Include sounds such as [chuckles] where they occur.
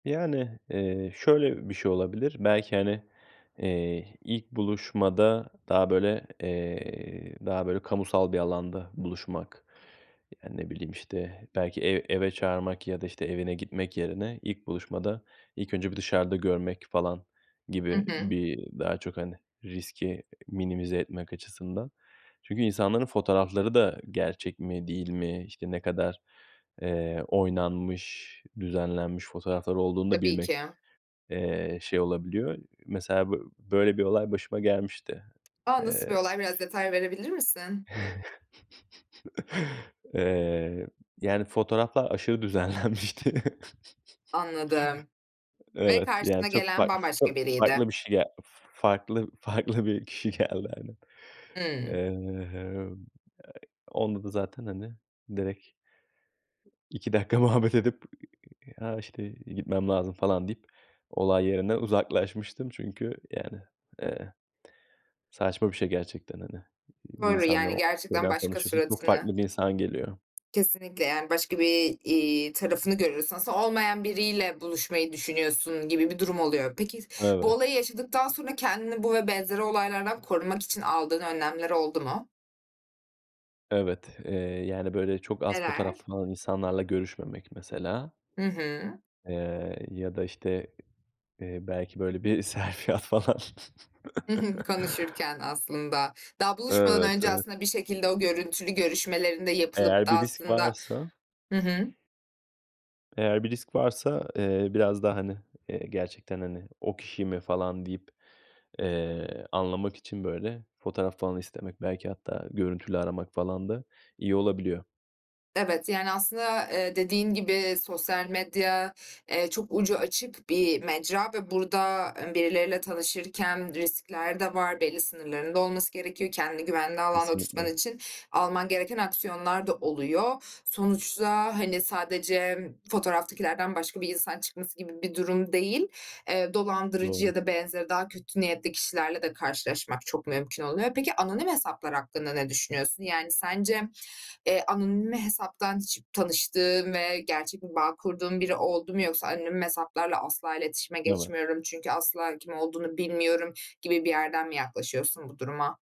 Yani, eee, şöyle bir şey olabilir: Belki, hani, eee, ilk buluşmada daha böyle, eee, daha böyle kamusal bir alanda buluşmak. Yani, ne bileyim, işte belki ev eve çağırmak ya da işte evine gitmek yerine, ilk buluşmada ilk önce bir dışarıda görmek falan Hı gibi, hı. bir daha çok, hani, riski minimize etmek açısından. Çünkü insanların fotoğrafları da gerçek mi değil mi, işte, ne kadar, eee, oynanmış, düzenlenmiş fotoğraflar olduğunu da Tabii ki. bilmek, eee, şey olabiliyor. Mesela b böyle bir olay başıma gelmişti. A, nasıl Eee bir olay? Biraz detay verebilir misin? [chuckles] Eee, yani fotoğraflar aşırı düzenlenmişti. Anladım [chuckles] ve Evet, yani, karşına çok gelen fark çok bambaşka biriydi. farklı bir şey farklı farklı bir kişi geldi aynen. Hıı. Eee, onda da zaten, hani, direkt İki dakika muhabbet edip, "Ha, işte, gitmem lazım." falan deyip olay yerinden uzaklaşmıştım çünkü, yani, eee, saçma bir şey gerçekten hani. Bir Doğru, insanla yani, gerçekten şeyden başka tanışıyorsun, çok suratını farklı bir insan geliyor. Kesinlikle yani başka, bir, iii, tarafını görüyorsun. Aslında olmayan biriyle buluşmayı düşünüyorsun gibi bir durum oluyor. Peki bu Evet. olayı yaşadıktan sonra kendini bu ve benzeri olaylardan korumak için aldığın önlemler oldu mu? Evet. Eee, yani, böyle çok az Neler? fotoğraflı falan insanlarla görüşmemek mesela, Hı hı. eee, ya da, işte, eee, belki böyle bir selfie at falan. Hı hı. [chuckles] Konuşurken aslında, daha buluşmadan Evet, önce evet. aslında bir şekilde o görüntülü görüşmelerin de yapılıp Eğer da bir risk aslında varsa Hı hı. Eğer bir risk varsa, eee, biraz daha, hani, gerçekten, hani, "O kişi mi?" falan deyip, eee, anlamak için böyle fotoğraf falan istemek belki hatta görüntülü aramak falan da iyi olabiliyor. Evet, yani aslında, eee, dediğin gibi sosyal medya, eee, çok ucu açık bir mecra ve burada, eee, birileriyle tanışırken riskler de var. Belli sınırların da olması gerekiyor. Kendini güvenli alanda tutman Kesinlikle. için alman gereken aksiyonlar da oluyor. Sonuçta, hani, sadece m fotoğraftakilerden başka bir insan çıkması gibi bir durum değil; eee, dolandırıcı Doğru. ya da benzeri daha kötü niyetli kişilerle de karşılaşmak çok mümkün oluyor. Peki anonim hesaplar hakkında ne düşünüyorsun? Yani sence, eee, anonim hesaptan hiç tanıştığın ve gerçek bir bağ kurduğun biri oldu mu yoksa ,"Anonim hesaplarla asla iletişime Evet. geçmiyorum çünkü asla kim olduğunu bilmiyorum." gibi bir yerden mi yaklaşıyorsun bu duruma?